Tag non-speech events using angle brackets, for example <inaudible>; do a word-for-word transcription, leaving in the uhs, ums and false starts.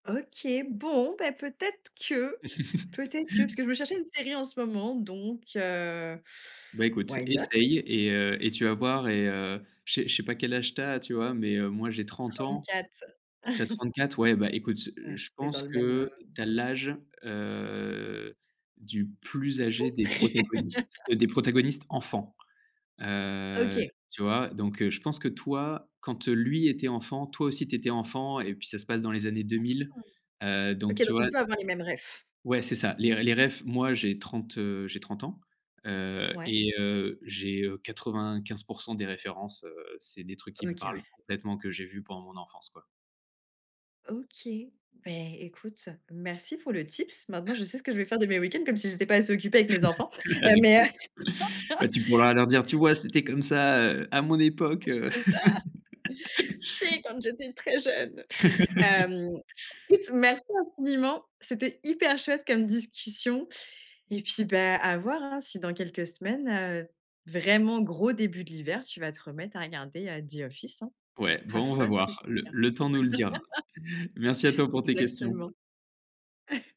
OK, bon, bah, peut-être que peut-être que parce <laughs> que je me cherchais une série en ce moment, donc, heu. Bah, écoute, Why not? essaye et heu, et tu vas voir et heu, je sais je sais pas quel âge tu as, tu vois, mais, heu, moi j'ai trente ans. Trente-quatre. Tu as <chuckles> trente-quatre, ouais, bah, écoute, heu, Mmh, je tu es dans pense le même, heu que tu as l'âge, heu, du plus S'il âgé faut. des protagonistes, <laughs> heu, des protagonistes enfants. Heu, OK. tu vois, donc, heu, je pense que toi, quand lui était enfant, toi aussi tu étais enfant, et puis ça se passe dans les années deux mille. Heu, OK, donc tu donc on vois? peut avoir les mêmes réfs. Ouais, c'est ça, les r les réfs, moi j'ai trente, heu, j'ai trente ans, heu, Mouais. et heu, j'ai, heu, quatre-vingt-quinze pour cent des références, heu, c'est des trucs qui me OK, ouais. parlent complètement que j'ai vus pendant mon enfance, quoi. OK, beh, écoute, merci pour le tips. Maintenant, je sais ce que vais faire de mes week-ends, comme si j'étais pas assez occupée avec mes enfants, <chuckles> heu, Avec mais, plaisir. heu Bah, tu pourras leur dire: «Tu <laughs> vois? C'était comme ça, heu, à mon époque, heu». C'est ça, tu sais? <laughs> Quand j'étais très jeune, <laughs> hem, écoute, merci infiniment, c'était hyper chouette comme discussion et puis, bah, à voir, hein, si dans quelques semaines, heu, vraiment gros début de l'hiver, tu vas te remettre à regarder The Office, hein. Ouais Have bon, on va fun voir, si c'est le le cas. le temps nous le dira. Merci à <laughs> toi pour tes questions. Exactement. <chuckles>